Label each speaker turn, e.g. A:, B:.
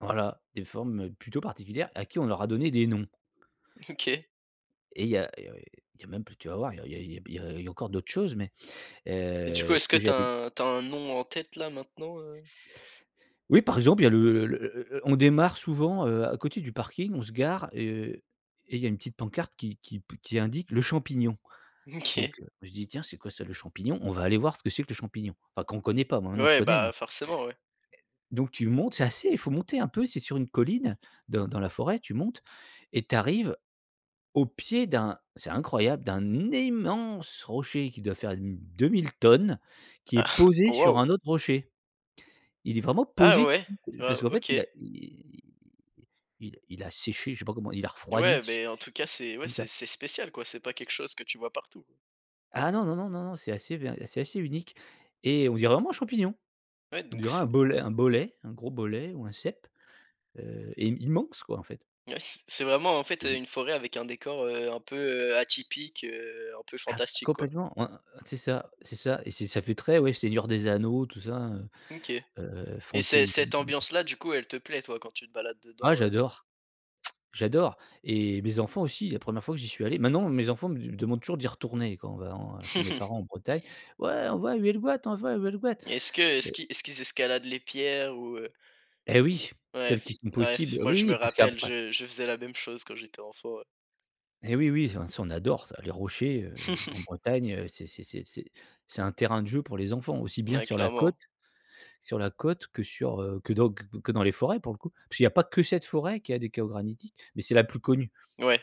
A: Voilà des formes, heu, plutôt particulières à qui on leur aura donné des noms
B: OK.
A: et il y a il y a, heu, il y a même plus tu vas voir, il y a il y a b il y a il y a encore d'autres choses mais,
B: Et du
A: heu
B: coup
A: et ce
B: est-ce que
A: que
B: tu
A: j'allais
B: as un tu as un nom en tête là maintenant, heu?
A: Oui par exemple il y a le heu heu heu, on démarre souvent, heu, à côté du parking, on se gare et heu, et il y a une petite pancarte qui qui p qui indique le champignon. Donc,
B: OK.
A: heu, moi je dis: «Tiens c'est quoi ça le champignon? On va aller voir ce que c'est que le champignon», enfin quand connaît pas, hein, maintenant je
B: Ouais
A: connais,
B: bah,
A: mais
B: forcément ouais.
A: donc tu montes, c'est assez il faut monter un peu, c'est sur une colline dans dans la forêt, tu montes et tu arrives au pied d'un c'est incroyable, d'un immense rocher qui doit faire n 2 000 tonnes, qui est
B: Ah,
A: posé
B: oh,
A: sur
B: waouh.
A: un autre rocher. Il est vraiment
B: A ah,
A: posé
B: ouais,
A: dessus, parce
B: waouh,
A: qu'en fait
B: OK.
A: il a i il il a séché, je sais pas comment il a
B: Ah
A: refroidi
B: ouais,
A: dessus
B: beh, en tout cas c'est ouais,
A: comme ça.
B: c'est c'est spécial quoi, c'est pas quelque chose que tu vois partout.
A: Ah, non, non, non, non, non, c'est assez ver c'est assez unique et on dirait vraiment un champignon.
B: Ouais,
A: On
B: donc
A: dirait un
B: c'est
A: bolet un bolet, un gros bolet ou un cèpe, heu, et immense quoi en fait.
B: Ouais s c'est vraiment en fait heu,
A: [unintelligible]
B: une forêt avec un décor, heu, un peu, heu, atypique, heu, un peu
A: Ah,
B: fantastique quoi
A: complètement, ouais, heu, c'est ça, c'est ça et c'est ça fait très, ouais, Seigneur des anneaux tout ça,
B: OK.
A: heu, heu,
B: Et ce
A: fantaisie.
B: cette ambiance là du coup elle te plaît toi quand tu te balades
A: Ah
B: dedans, heu?
A: j'adore. j'adore et mes enfants aussi, la première fois que j'y suis allé maintenant mes enfants me du me demandent toujours d'y retourner quand on va en chez mes parents en Bretagne. Ouais on va à Huelgoat, on va à Huelgoat!
B: Et est-ce que est ce
A: Mais
B: qui est-ce qu'ils escaladent les pierres ou, heu?
A: Et oui, celles
B: Ouais,
A: qui sont possibles,
B: ouais moi
A: oui,
B: je me
A: oui parce
B: rappelle,
A: qu'après
B: je je faisais la même chose quand j'étais enfant, heu,
A: Et oui, oui, oh, ça on adore ça, les rochers, heu, en Bretagne heu, c'est c'est c'est c'est c'est un terrain de jeu pour les enfants aussi bien
B: Ouais,
A: sur la côte
B: clairement.
A: sur la côte que sur, heu que dans q q que dans les forêts pour le coup. Puisqu'il y a pas que cette forêt qui a des chaos granitiques, mais c'est la plus connue.
B: Ouais.